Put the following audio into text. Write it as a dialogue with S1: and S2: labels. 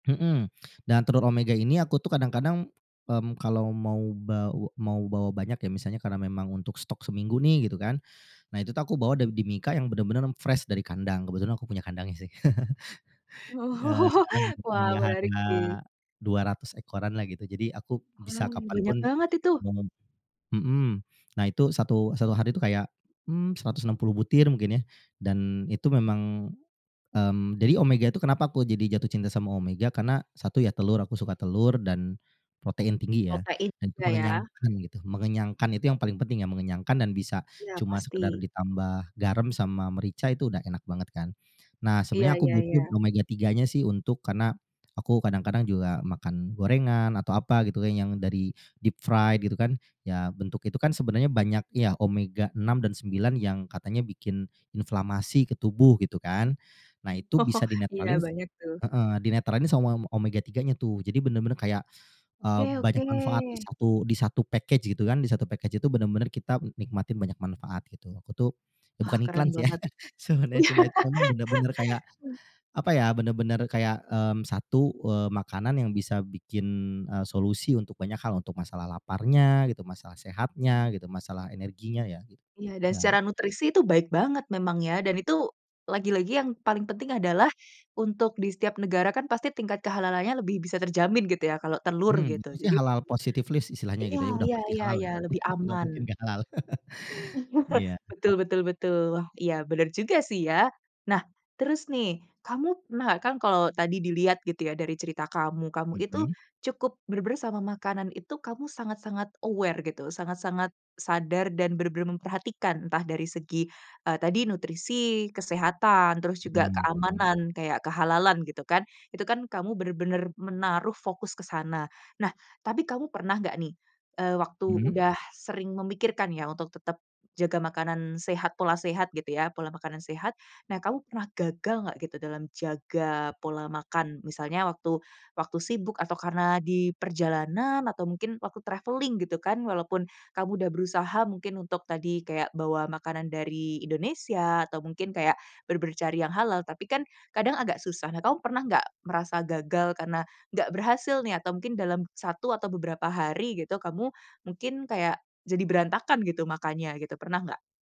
S1: Mhm, dan telur omega ini aku tuh kadang-kadang, mmm, kalau mau baw mau bawa banyak ya, misalnya karena memang untuk stok seminggu nih gitu kan. Nah itu tuh aku bawa da di mika yang bener-bener fresh dari kandang, kebetulan aku punya kandangnya sih. Eee, sekarang
S2: Wah
S1: punya
S2: menarik
S1: harga
S2: sih.
S1: 200 ekoran lah gitu. Jadi aku
S2: Wah,
S1: bisa kapan
S2: banyak
S1: pun
S2: banget itu.
S1: menem mhm, nah itu satu satu hari tuh kayak, mmm, 160 butir mungkin ya dan itu memang, mmm, jadi omega tuh kenapa aku jadi jatuh cinta sama omega karena satu ya telur, aku suka telur dan protein tinggi ya
S2: Protein
S1: dan itu
S2: juga ya.
S1: mengenyangkan gitu. Mengenyangkan itu yang paling penting ya, mengenyangkan dan bisa
S2: Iya
S1: cuma
S2: pasti.
S1: sekedar ditambah garam sama merica itu udah enak banget kan. Nah,
S2: Iya
S1: sebenarnya aku
S2: iya
S1: butuh
S2: iya.
S1: omega-3 nya sih untuk karena, aku kadang-kadang juga makan gorengan atau apa gitu yang dari deep fried gitu kan. Ya bentuk itu kan sebenarnya banyak ya, omega-6 dan 9 yang katanya bikin inflamasi ke tubuh gitu kan. Nah itu bisa
S2: Iya
S1: dinetralin
S2: banyak tuh.
S1: heeh, dinetralin sama m omega-3 nya tuh. Jadi bener-bener kayak, eee,
S2: Oke
S1: banyak
S2: oke.
S1: manfaat di satu di satu package gitu kan, di satu package itu bener-bener kita nikmatin banyak manfaat gitu. Aku tuh
S2: Wah,
S1: bukan iklan
S2: keren
S1: sih ya,
S2: banget.
S1: sebenernya cuma itu emang bener-bener kayak,
S2: Eh.
S1: apa ya, bener-bener kayak, mmm, satu, eee, makanan yang bisa bikin, eee, solusi untuk banyak hal, untuk masalah laparnya gitu, masalah sehatnya gitu, masalah energinya ya gitu,
S2: Iya dan
S1: ya.
S2: secara nutrisi itu baik banget memang ya, dan itu lagi-lagi yang paling penting adalah untuk di setiap negara kan pasti tingkat kehalalannya lebih bisa terjamin gitu ya kalau telur
S1: Mmm,
S2: gitu
S1: itu sih
S2: jadi
S1: halal positif list istilahnya
S2: iya
S1: gitu ya, udah
S2: iya
S1: pasti
S2: iya
S1: halal
S2: iya
S1: ya,
S2: lebih
S1: enggak mungkin
S2: aman.
S1: enggak halal. Iya.
S2: Betul betul betul. Iya bener juga sih ya. Nah, terus nih kamu pernah, kan kalau tadi dilihat gitu ya dari cerita kamu, kamu itu
S1: Mhm.
S2: cukup bener-bener sama makanan itu kamu sangat-sangat aware gitu, sangat-sangat sadar dan benar-benar memperhatikan, entah dari segi, eee, tadi nutrisi, kesehatan, terus juga
S1: Mhm mhm.
S2: keamanan, kayak kehalalan gitu kan, itu kan kamu bener-bener menaruh fokus ke sana. Nah, tapi kamu pernah enggak nih, eee, waktu
S1: Mhm.
S2: udah sering memikirkan ya, untuk tetap jaga makanan sehat, pola sehat gitu ya, pola makanan sehat. Nah, kamu pernah gagal enggak gitu dalam jaga pola makan, misalnya waktu waktu sibuk atau karena di perjalanan, atau mungkin waktu traveling gitu kan, walaupun kamu udah berusaha mungkin untuk tadi kayak bawa makanan dari Indonesia, atau mungkin kayak bener-bener cari yang halal, tapi kan kadang agak susah. Nah, kamu pernah enggak merasa gagal karena enggak berhasil nih atau mungkin dalam satu atau beberapa hari gitu kamu mungkin kayak jadi berantakan gitu makannya gitu, pernah enggak?